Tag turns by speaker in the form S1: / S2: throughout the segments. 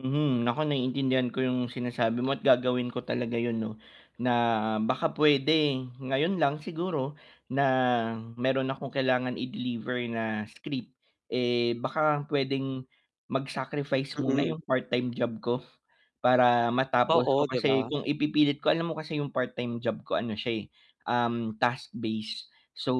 S1: Hmm, ako naiintindihan ko yung sinasabi mo at gagawin ko talaga yun 'no, na baka puwede ngayon lang siguro na meron akong kailangan i-deliver na script, eh, baka puwedeng mag-sacrifice muna
S2: Mm.
S1: yung part-time job ko para matapos ko
S2: Oo, 'di
S1: kasi
S2: ba?
S1: kung ipipilit ko alam mo kasi yung part-time job ko ano siya eh, um, task-based. So,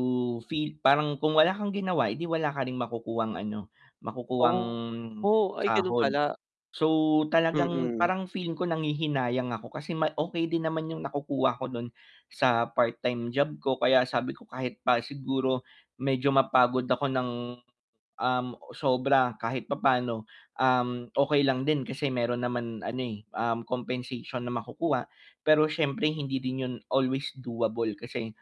S1: feel parang kung wala kang ginawa, 'di wala ka ring makukuhang ano, makukuhang
S2: Oo, ay ganun
S1: sahod.
S2: pala.
S1: So, talagang
S2: Mm.
S1: parang feeling ko nanghihinayang ako kasi may okey din naman yung nakukuha ko dun sa part time job ko kaya sabi ko kahit pa siguro medyo mapagod ako ng, um, sobra kahit papano, um, okey lang din kasi meron naman ano eh, um, compensation na makukuha. Pero siyempre hindi din yun always doable kasi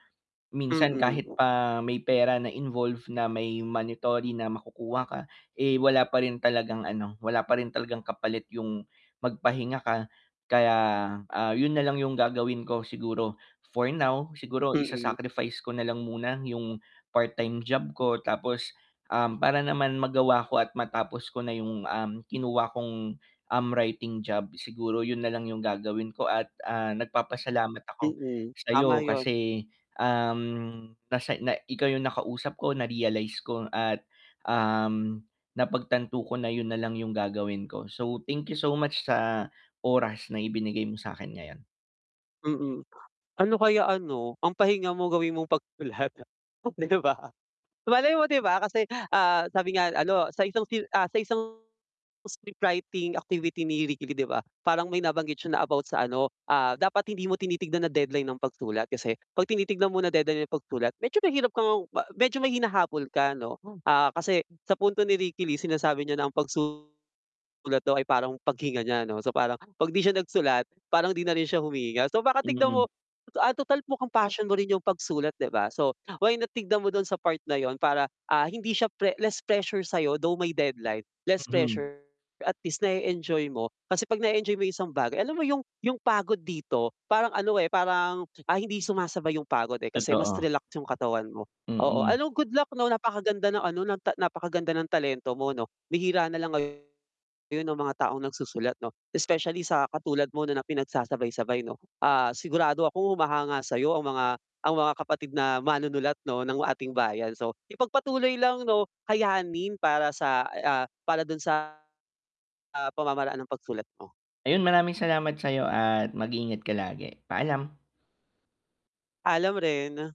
S1: minsan kahit
S2: Mm.
S1: pa may pera na involve na may monetary na makukuha ka, eh, wala pa rin talagang ano, wala pa rin talagang kapalit yung magpahinga ka. Kaya, ah, yun na lang yung gagawin ko siguro for now, siguro
S2: Mm.
S1: isa-sacrifice ko nalang muna yung part-time job ko tapos, um, para naman magawa ko at matapos ko na yung, um, kinuha kong, um, writing job. Siguro yun nalang yung gagawin ko at, ah, nagpapasalamat ako
S2: Mm, tama
S1: sa'yo
S2: 'yon.
S1: kasi, um, nasa na ikaw yung nakausap ko na-realize ko at, um, napagtanto ko na yun nalang yung gagawin ko. So, thank you so much sa oras na ibinigay mo sa'kin ngayon.
S2: Mm. Ano kaya ano, ang pahinga mo gawin mong pagsusulat, oh 'di ba. Malay mo 'di ba kasi, ah, sabi nga ano, sa isang, ah, sa isang scriptwriting activity ni Ricky Lee 'di ba, parang may nabanggit siya na about sa ano, ah, dapat hindi mo tinitignan na deadline ang pagsulat kasi 'pag tinitignan mo na deadline ang pagsulat, medyo mahirap kang ng medyo ma may hinahabol ka ano. Ah, kasi sa punto ni Ricky Lee sinasabi niya na ang pagsusulat daw ay parang paghinga niya 'no. So, parang 'pag 'di siya nagsulat, parang di na rin siya humihinga. So, baka tignan
S1: Hmm.
S2: mo, ah, total mukang passion mo rin yung pagsulat, di ba? So, why na tignan mo dun sa part na yun para, ah, hindi siya pre less pressure sa'yo though may deadline, less
S1: Hmm.
S2: pressure. At least na-e-enjoy mo. Kasi 'pag na-e-enjoy mo yung isang bagay alam mo yung yung pagod dito parang ano, eh, parang, ah, hindi sumasabay yung pagod, eh, kasi mas
S1: Totoo.
S2: relax yung katawan mo. Oo,
S1: Mm.
S2: ano, good luck 'no, napakaganda ng ano, ng napakaganda ng talento mo 'no, bihira na lang ngayon ung mga taong nagsusulat 'no especially sa katulad mo na na pinagsasabay-sabay 'no. Ah, sigurado akong humahanga sa'yo ang mga ang mga kapatid na manunulat 'no, ng ating bayan. So, ipagpatuloy lang 'no. Kayanin para sa, ah, para dun sa, ah, pamamaraan ng pagsulat mo.
S1: Ayun, maraming salamat sayo at mag ingat ka palagi. Paalam.
S2: Paalam rin.